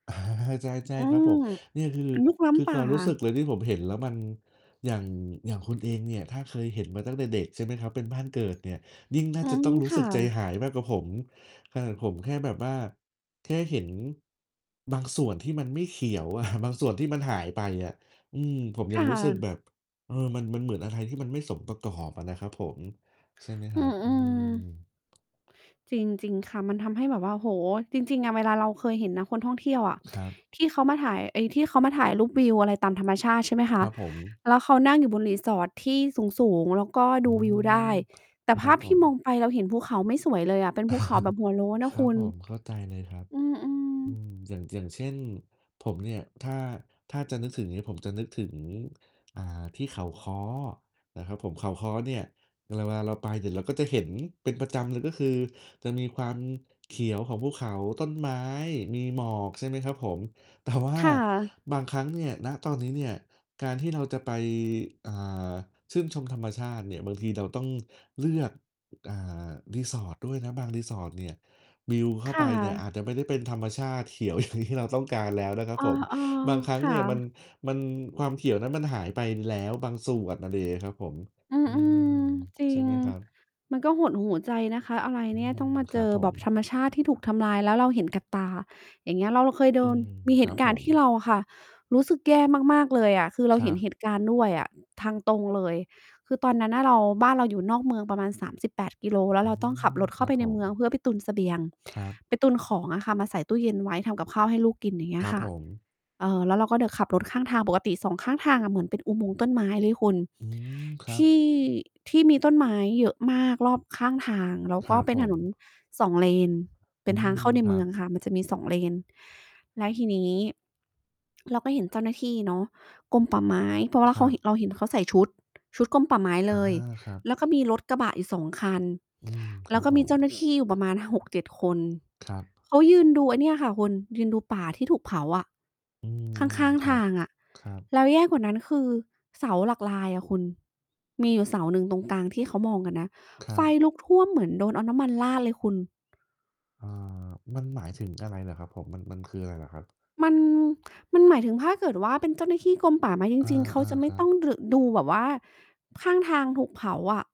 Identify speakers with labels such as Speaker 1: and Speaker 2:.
Speaker 1: อา ใช่
Speaker 2: อื
Speaker 1: ๆ ครับผ
Speaker 2: ม
Speaker 1: ม เนี่ย คือ
Speaker 2: ลุกล้
Speaker 1: คือ
Speaker 2: ำป
Speaker 1: ค
Speaker 2: ่า
Speaker 1: วามรู้สึกเลยที่ผมเห็นแล้ว มัน อย่าง อย่างคุณเองเนี่ย ถ้าเคยเห็นมาตั้งแต่เด็กใช่ไหมครับ? เป็นบ้านเกิดเนี่ย ยิ่งน่า
Speaker 2: อื
Speaker 1: จะต้
Speaker 2: ม
Speaker 1: องรู้
Speaker 2: ค
Speaker 1: ส
Speaker 2: ่
Speaker 1: ึกใจ
Speaker 2: ะ
Speaker 1: หายมากกว่าผม ขนาดผมแค่แบบว่า แค่เห็นบางส่วนที่มันไม่เขียวอะ บางส่วนที่มันหายไปอะ อืม ผม
Speaker 2: ค
Speaker 1: ยั
Speaker 2: ่
Speaker 1: งรู้สึก
Speaker 2: ะ
Speaker 1: แบบ เออ มัน มันเหมือนอะไรที่มันไม่สมประกอบอะนะครับผม ใช่ไหมค
Speaker 2: อื
Speaker 1: รับ?
Speaker 2: อ
Speaker 1: อ
Speaker 2: อ
Speaker 1: ื
Speaker 2: ื
Speaker 1: ม
Speaker 2: ม จริง ๆ ค่ะ มันทำให้แบบว่า โอ้โฮ จริง ๆ อะ เวลาเราเคยเห็นนะคนท่องเที่ยวอะ
Speaker 1: ครับ
Speaker 2: ที่เขามาถ่าย ไอ้ที่เขามาถ่ายรูปวิวอะไรตามธรรมชาติใช่ไหมค
Speaker 1: ค
Speaker 2: ะ?
Speaker 1: รับผม
Speaker 2: แล้วเขานั่งอยู่บน resort ที่สูง ๆ แล้วก็
Speaker 1: อื
Speaker 2: ดูวิวได้
Speaker 1: ม
Speaker 2: แต่
Speaker 1: ค
Speaker 2: ภ
Speaker 1: รั
Speaker 2: า
Speaker 1: บ
Speaker 2: พ
Speaker 1: ผ
Speaker 2: ที่
Speaker 1: ม
Speaker 2: มองไป เราเห็นภูเขาไม่สวยเลยอะ เป็นภูเขาแบบหัวโล้นน่
Speaker 1: ค
Speaker 2: ะ
Speaker 1: รั
Speaker 2: ค
Speaker 1: บ
Speaker 2: ุณ
Speaker 1: ผม เข้าใจเลยครับ
Speaker 2: อืม
Speaker 1: อื
Speaker 2: ๆ
Speaker 1: ม อย่าง อย่างเช่น ผมเนี่ย ถ้า ถ้าจะนึกถึงเนี่ย ผมจะนึกถึง อ่า ที่เขาค้อนะครับผม เขาค้อเนี่ย เวลาเราไป เดี๋ยวเราก็จะเห็นเป็นประจำเลย ก็คือจะมีความเขียวของภูเขา ต้นไม้ มีหมอก ใช่ไหมครับผม แต่ว่า
Speaker 2: ค่ะ
Speaker 1: บางครั้งเนี่ย ณ ตอนนี้เนี่ย การที่เราจะไป อ่า ชื่นชมธรรมชาติเนี่ย บางทีเราต้องเลือก อา resort ด้วยนะ บาง resort เนี่ย วิวเข้
Speaker 2: ค
Speaker 1: าไ
Speaker 2: ่
Speaker 1: ปเนี่ย
Speaker 2: ะ
Speaker 1: อาจจะไม่ได้เป็นธรรมชาติเขียว อย่าง ที่เราต้องการแล้วนะครับ
Speaker 2: อ๋อ
Speaker 1: ผม บางครั้
Speaker 2: ๆ
Speaker 1: ง
Speaker 2: ค่
Speaker 1: เนี่ย มัน
Speaker 2: ะ
Speaker 1: มัน ความเขียวนั้นมันหายไปแล้วบางส่วน อะไรอย่างเงี้ยครับผม
Speaker 2: อื
Speaker 1: อืม
Speaker 2: ม ๆ จร
Speaker 1: ใช
Speaker 2: ิ
Speaker 1: ่
Speaker 2: ง
Speaker 1: ไหมครับ?
Speaker 2: มันก็หดหู่ใจนะคะ อะไร
Speaker 1: อื
Speaker 2: เนี่ย ต
Speaker 1: ม
Speaker 2: ้องมา
Speaker 1: ค
Speaker 2: เจ
Speaker 1: รับ
Speaker 2: อ
Speaker 1: ผ
Speaker 2: แบ
Speaker 1: ม
Speaker 2: บธรรมชาติที่ถูกทำลาย แล้วเราเห็นกับตา อย่างเงี้ย เราเคยโด
Speaker 1: อื
Speaker 2: น
Speaker 1: ม
Speaker 2: มีเ
Speaker 1: ค
Speaker 2: ห
Speaker 1: รั
Speaker 2: ต
Speaker 1: บ
Speaker 2: ุก
Speaker 1: ผ
Speaker 2: ารณ์
Speaker 1: ม
Speaker 2: ที่เราอะค่ะ รู้สึกแย่มาก ๆ เลยอะ คือ เรา
Speaker 1: คร
Speaker 2: เห
Speaker 1: ั
Speaker 2: ็น
Speaker 1: บ
Speaker 2: เหตุการณ์ด้วยอะ ทางตรงเลย คือตอนนั้นอะเรา บ้านเราอยู่นอกเมืองประมาณ 38 กิโล แล้
Speaker 1: อ
Speaker 2: ว
Speaker 1: ื
Speaker 2: เราต้องขั
Speaker 1: ม
Speaker 2: บรถเข
Speaker 1: ค
Speaker 2: ้
Speaker 1: ร
Speaker 2: า
Speaker 1: ั
Speaker 2: ไ
Speaker 1: บ
Speaker 2: ป
Speaker 1: ผ
Speaker 2: ในเม
Speaker 1: ม
Speaker 2: ือง เพื่อไปตุนเสบียง
Speaker 1: ครับ
Speaker 2: ไปตุนของอะค่ะมาใส่ตู้เย็นไว้ทำกับข้าวให้ลูกกิน อย่างเงี้
Speaker 1: คร
Speaker 2: ย
Speaker 1: ับ
Speaker 2: ค่ะ
Speaker 1: ผม
Speaker 2: เอ่อ แล้วเราก็ไปขับรถ ข้างทางปกติ 2 ข้างทางอะเหมือนเป็นอุโมงค์ต้นไม้เลยคุณ
Speaker 1: อืม คร
Speaker 2: ท
Speaker 1: ับ
Speaker 2: ี่ ที่มีต้นไม้เยอะมากรอบข้างทาง แล้ว
Speaker 1: ค
Speaker 2: ก
Speaker 1: ร
Speaker 2: ็
Speaker 1: ับ
Speaker 2: เป็น
Speaker 1: ผ
Speaker 2: ถนน
Speaker 1: ม
Speaker 2: 2 เลน เ
Speaker 1: อ
Speaker 2: ป็
Speaker 1: ื
Speaker 2: นทาง
Speaker 1: ม
Speaker 2: เข้าใน
Speaker 1: ค
Speaker 2: เ
Speaker 1: ร
Speaker 2: ม
Speaker 1: ั
Speaker 2: ือ
Speaker 1: บ
Speaker 2: งค่ะ มันจะมี 2 เลน และทีนี้ เราก็เห็นเจ้าหน้าที่เนาะ กรมป่าไม้ เพราะว่
Speaker 1: ค
Speaker 2: าเข
Speaker 1: รั
Speaker 2: า
Speaker 1: บ
Speaker 2: เราเห็นเขาใส่ชุด ชุดกรมป่าไม้
Speaker 1: อ
Speaker 2: เ
Speaker 1: า
Speaker 2: ลย
Speaker 1: ครับ
Speaker 2: แล้วก็มีรถกระบะอยู่ 2 คัน
Speaker 1: อืม ค
Speaker 2: แล
Speaker 1: ร
Speaker 2: ้
Speaker 1: ั
Speaker 2: ว
Speaker 1: บ
Speaker 2: ก็
Speaker 1: ผ
Speaker 2: มีเจ้าหน้
Speaker 1: ม
Speaker 2: าที่ประมาณ 6-7 คน
Speaker 1: ครับ
Speaker 2: เขายืนดูไอ้เนี่ยค่ะคุณ ยืนดูป่าที่ถูกเผาอะ
Speaker 1: อื
Speaker 2: ข้
Speaker 1: ม
Speaker 2: าง
Speaker 1: ๆ ค
Speaker 2: ๆ
Speaker 1: ร
Speaker 2: ท
Speaker 1: ั
Speaker 2: า
Speaker 1: บ
Speaker 2: งอะ
Speaker 1: ครับ
Speaker 2: แล้วแย่กว่านั้น คือเสาหลักลายอะคุณ มีอยู่เสาหนึ่งตรงกลางที่เขามองกันนะ
Speaker 1: คร
Speaker 2: ไฟ
Speaker 1: ับ
Speaker 2: ลุกท่วมเหมือนโดนเอาน้ำมันราดเลยคุณ
Speaker 1: อา มันหมายถึงอะไรเหรอครับผม? มัน มันคืออะไรเหรอครับ?
Speaker 2: มัน มันหมายถึงถ้าเกิดว่า เป็นเจ้าหน้าที่กรมป่าไม้จ
Speaker 1: อ
Speaker 2: ริง ๆ เขา
Speaker 1: า
Speaker 2: จะไม
Speaker 1: ๆ ค
Speaker 2: ่
Speaker 1: รั
Speaker 2: ต้อง
Speaker 1: บ
Speaker 2: ด ดูแบบว่าข้างทางถูกเผาอะ